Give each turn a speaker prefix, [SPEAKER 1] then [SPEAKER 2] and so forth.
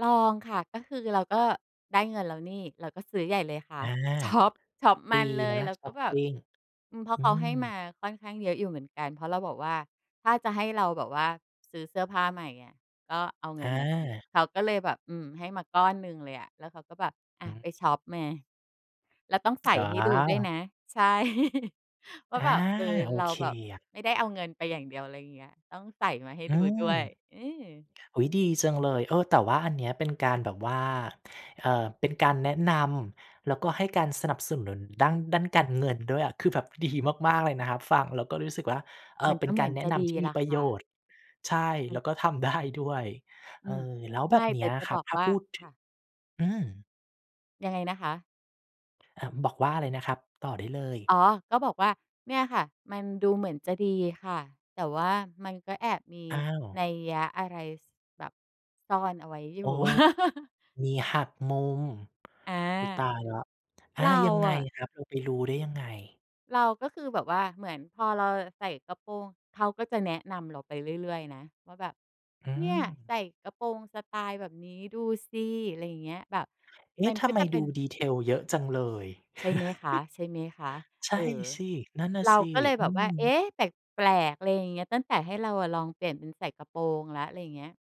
[SPEAKER 1] ลองค่ะ ก็คือเราก็ได้เงินแล้วนี่ เราก็ซื้อใหญ่เลยค่
[SPEAKER 2] อ
[SPEAKER 1] ะ
[SPEAKER 2] า
[SPEAKER 1] ช็อป ช็อปม
[SPEAKER 2] ดี
[SPEAKER 1] ันเล
[SPEAKER 2] น
[SPEAKER 1] ย
[SPEAKER 2] ะ
[SPEAKER 1] เรา
[SPEAKER 2] ช
[SPEAKER 1] ก
[SPEAKER 2] ็
[SPEAKER 1] ็
[SPEAKER 2] อป
[SPEAKER 1] แบ
[SPEAKER 2] ป
[SPEAKER 1] บ
[SPEAKER 2] ิง
[SPEAKER 1] อืม เพราะ
[SPEAKER 2] อื
[SPEAKER 1] เขาให้
[SPEAKER 2] ม
[SPEAKER 1] มาค่อนข้างเยอะอยู่เหมือนกัน เพราะเราบอกว่า "ถ้าจะให้เราแบบว่าซื้อเสื้อผ้าใหม่ เงี้ย ก็เอาเงิ
[SPEAKER 2] อ
[SPEAKER 1] นมาสิ"
[SPEAKER 2] า
[SPEAKER 1] เขาก็เลยแบบ อืม ให้มาก้อนหนึ่งเลยอะ แล้วเขาก็แบบ "อา
[SPEAKER 2] อื
[SPEAKER 1] ไ
[SPEAKER 2] อ
[SPEAKER 1] ปช็อปมา แล้วต้องใส่
[SPEAKER 2] อ๋
[SPEAKER 1] ให้ดูด้วยน
[SPEAKER 2] อ
[SPEAKER 1] ะ" ใช่ ว่
[SPEAKER 2] อ
[SPEAKER 1] า
[SPEAKER 2] า!
[SPEAKER 1] แบบ เออ
[SPEAKER 2] โอ
[SPEAKER 1] เรา
[SPEAKER 2] เค
[SPEAKER 1] แบบ
[SPEAKER 2] อะ
[SPEAKER 1] ไม่ได้เอาเงินไปอย่างเดียว ไรอย่างเงี้ย ต้องใส่มาให้
[SPEAKER 2] อื
[SPEAKER 1] ดูด้
[SPEAKER 2] ม
[SPEAKER 1] วย อือ
[SPEAKER 2] อุ๊ย ดีจังเลย เออ แต่ว่าอันนี้ เป็นการแบบว่า เอ่อ เป็นการแนะนำ แล้วก็ให้การสนับสนุนด้าน ด้านการเงินด้วยอะ คือ แบบ ดี มาก ๆ เลยนะครับ ฟังแล้วก็รู้สึกว่า เออ
[SPEAKER 1] มัน
[SPEAKER 2] เป
[SPEAKER 1] ก
[SPEAKER 2] ็
[SPEAKER 1] ็
[SPEAKER 2] น
[SPEAKER 1] เห
[SPEAKER 2] ก
[SPEAKER 1] ม
[SPEAKER 2] า
[SPEAKER 1] ื
[SPEAKER 2] ร
[SPEAKER 1] อน
[SPEAKER 2] แนะ
[SPEAKER 1] จะ
[SPEAKER 2] น
[SPEAKER 1] ดี
[SPEAKER 2] ำที่
[SPEAKER 1] แห
[SPEAKER 2] ม
[SPEAKER 1] ล
[SPEAKER 2] ี
[SPEAKER 1] ะ
[SPEAKER 2] ประ
[SPEAKER 1] ค
[SPEAKER 2] โย
[SPEAKER 1] ่ะ
[SPEAKER 2] ชน์ ใช่
[SPEAKER 1] มั
[SPEAKER 2] แล
[SPEAKER 1] น
[SPEAKER 2] ้วก็ ทำได้ด้วย เ
[SPEAKER 1] อ
[SPEAKER 2] อ
[SPEAKER 1] ื
[SPEAKER 2] อ
[SPEAKER 1] ม
[SPEAKER 2] แล้ว
[SPEAKER 1] ไ
[SPEAKER 2] แบ
[SPEAKER 1] ม่
[SPEAKER 2] บเนี
[SPEAKER 1] แต
[SPEAKER 2] ้
[SPEAKER 1] ่
[SPEAKER 2] ย
[SPEAKER 1] จะ
[SPEAKER 2] คร
[SPEAKER 1] บ
[SPEAKER 2] ับ
[SPEAKER 1] อก
[SPEAKER 2] ถ้า
[SPEAKER 1] ว่า
[SPEAKER 2] พูดถ
[SPEAKER 1] ค
[SPEAKER 2] ึ
[SPEAKER 1] ่
[SPEAKER 2] ง
[SPEAKER 1] ะ
[SPEAKER 2] อืม
[SPEAKER 1] ยังไงนะคะ?
[SPEAKER 2] อ่า บอกว่าอะไรนะครับ? ต่อได้เลย
[SPEAKER 1] อ๋อ ก็บอกว่า เนี่ยค่ะ มันดูเหมือนจะดีค่ะ แต่ ว่ามันก็แอบมี
[SPEAKER 2] อ้าว
[SPEAKER 1] นัยอะไร ส แบบซ่อนเอาไว้อยู
[SPEAKER 2] โอ
[SPEAKER 1] ่
[SPEAKER 2] ้ มีหักมุม
[SPEAKER 1] อา
[SPEAKER 2] อุ๊ย ตายแล้ว อ
[SPEAKER 1] เ
[SPEAKER 2] า
[SPEAKER 1] รา
[SPEAKER 2] ยังไง
[SPEAKER 1] อะ
[SPEAKER 2] ครับ เราไปรู้ได้ยังไง?
[SPEAKER 1] เรา ก็คือแบบว่าเหมือนพอเราใส่กระโปรง เขาก็จะแนะนำเราไปเรื่อย ๆ นะ ว่าแบบ
[SPEAKER 2] อื
[SPEAKER 1] "เนี่ย ใส
[SPEAKER 2] ม
[SPEAKER 1] ่กระโปรงสไตล์แบบนี้ดูสิ" ไรอย่างเงี้ย แบบ
[SPEAKER 2] เอ๊
[SPEAKER 1] มั
[SPEAKER 2] ะ!
[SPEAKER 1] น
[SPEAKER 2] ท
[SPEAKER 1] ก็
[SPEAKER 2] ำไม
[SPEAKER 1] จะเป
[SPEAKER 2] ด
[SPEAKER 1] ็
[SPEAKER 2] ู
[SPEAKER 1] น
[SPEAKER 2] detail เยอะจังเลย
[SPEAKER 1] ใช่ไหมคะ ใช่ไหมคะ
[SPEAKER 2] ใช
[SPEAKER 1] เอ
[SPEAKER 2] ่
[SPEAKER 1] อ
[SPEAKER 2] สิ นั่นน่ะ
[SPEAKER 1] เรา
[SPEAKER 2] สิ
[SPEAKER 1] ก็เลย
[SPEAKER 2] อื
[SPEAKER 1] แบบว่า "เอ๊
[SPEAKER 2] ม
[SPEAKER 1] ะ! แปลก ๆ" ไรอย่างเงี้ย ตั้งแต่ให้เราอะลองเปลี่ยนเป็นใส่กระโปรงแล้ว ไรอย่างเงี้ย